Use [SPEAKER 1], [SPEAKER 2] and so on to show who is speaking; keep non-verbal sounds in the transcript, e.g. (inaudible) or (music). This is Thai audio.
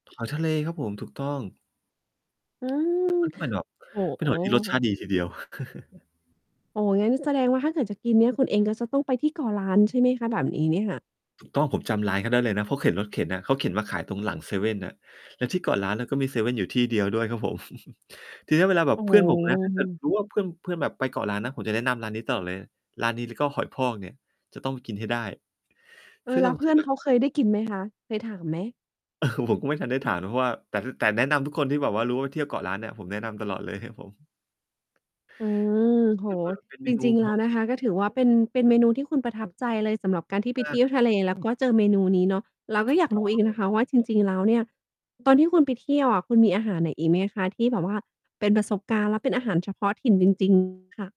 [SPEAKER 1] หอยทะเลครับผม ถูกต้อง
[SPEAKER 2] อื้ือ
[SPEAKER 1] แล
[SPEAKER 2] ฮ
[SPEAKER 1] ้ว
[SPEAKER 2] ือ
[SPEAKER 1] มันก็เป็นแบบ
[SPEAKER 2] โอ้
[SPEAKER 1] เป็
[SPEAKER 2] โ
[SPEAKER 1] นหอยที่รสชา
[SPEAKER 2] ฮ
[SPEAKER 1] ติดีทีเดียว (chuckles)
[SPEAKER 2] โอ้โฮ งั้น แสดงว่า ถ้าเกิดจะกินเนี่ย คุณเองก็จะต้องไปที่เกาะล้าน ใช่ไหมคะ? แบบนี้เนี่ยค่ะ
[SPEAKER 1] ถูกต้อง ผมจำร้านเขาได้เลยนะ เขาเข็นรถเข็นอะ เขาเข็นมาขายตรงหลังเซเว่นน่ะ แล้วที่เกาะล้านน่ะก็มีเซเว่นอยู่ที่เดียวด้วยครับผม (chuckles) ทีเนี้ย เวลาแบ
[SPEAKER 2] โอ
[SPEAKER 1] บ
[SPEAKER 2] ้
[SPEAKER 1] เพ
[SPEAKER 2] โ
[SPEAKER 1] ื่อนผมนะ ถ้าเกิด
[SPEAKER 2] ฮ
[SPEAKER 1] รู้ว่า เพื่อน เพื่อนแบบไปเกาะล้านนะ ผมจะแนะนำร้านนี้ตลอดเลย ร้านนี้แล้วก็หอยพอกเนี่ย จะต้องกินให้ได้
[SPEAKER 2] เออ
[SPEAKER 1] ซึ่ง
[SPEAKER 2] แ
[SPEAKER 1] เอ
[SPEAKER 2] ล้ว
[SPEAKER 1] า
[SPEAKER 2] เพ
[SPEAKER 1] จ
[SPEAKER 2] ื่
[SPEAKER 1] ริง
[SPEAKER 2] อน
[SPEAKER 1] ๆ อ
[SPEAKER 2] เ
[SPEAKER 1] ะ
[SPEAKER 2] ขาเคยได้กินไหม คะ? เคยถามไหม?
[SPEAKER 1] (chuckles) ผมก็ไม่ทันได้ถามนะ เพราะว่า แต่ ถ แต่แนะนำทุกคนที่แบบว่ารู้ว่า เที่ยวเกาะล้านเนี่ย ผมแนะนำตลอดเลยครับผม
[SPEAKER 2] อืม โอ้โฮ
[SPEAKER 1] คิเฟอ เป็นเม
[SPEAKER 2] จ
[SPEAKER 1] นู
[SPEAKER 2] ริง ๆ
[SPEAKER 1] ท
[SPEAKER 2] แล
[SPEAKER 1] ้
[SPEAKER 2] ้
[SPEAKER 1] อ
[SPEAKER 2] ว
[SPEAKER 1] ง
[SPEAKER 2] น
[SPEAKER 1] ถ
[SPEAKER 2] ะ
[SPEAKER 1] ิ
[SPEAKER 2] ค
[SPEAKER 1] ่น
[SPEAKER 2] ะ ก็ถือว่า เป็น เป็นเมนูที่คุณประทับใจเลยสำหรับการที่ไ
[SPEAKER 1] ม
[SPEAKER 2] ป
[SPEAKER 1] า
[SPEAKER 2] เท
[SPEAKER 1] ก
[SPEAKER 2] ี
[SPEAKER 1] ๆ
[SPEAKER 2] ่
[SPEAKER 1] เ
[SPEAKER 2] ย
[SPEAKER 1] ล
[SPEAKER 2] ว
[SPEAKER 1] ยค
[SPEAKER 2] ท
[SPEAKER 1] ร
[SPEAKER 2] ะ
[SPEAKER 1] ับ
[SPEAKER 2] เล
[SPEAKER 1] ผม
[SPEAKER 2] แล้ว ก็เจอเมนูนี้เนาะ เราก
[SPEAKER 1] ถ
[SPEAKER 2] ็
[SPEAKER 1] ูก
[SPEAKER 2] อยาก
[SPEAKER 1] ต้
[SPEAKER 2] ร
[SPEAKER 1] อ
[SPEAKER 2] ู้
[SPEAKER 1] ง
[SPEAKER 2] อี
[SPEAKER 1] เ
[SPEAKER 2] ก
[SPEAKER 1] ล
[SPEAKER 2] นะ
[SPEAKER 1] ย
[SPEAKER 2] คะว่า จ
[SPEAKER 1] ครับ
[SPEAKER 2] ริง ๆ แล้วเนี่ย ตอนที่คุณไปเที่ยวอะคุณมีอาหารไหนอีกไหมคะ? ที่แบบว่าเป็นประสบการณ์และเป็นอาหารเฉพาะถิ่นจริง จริง ค่ะ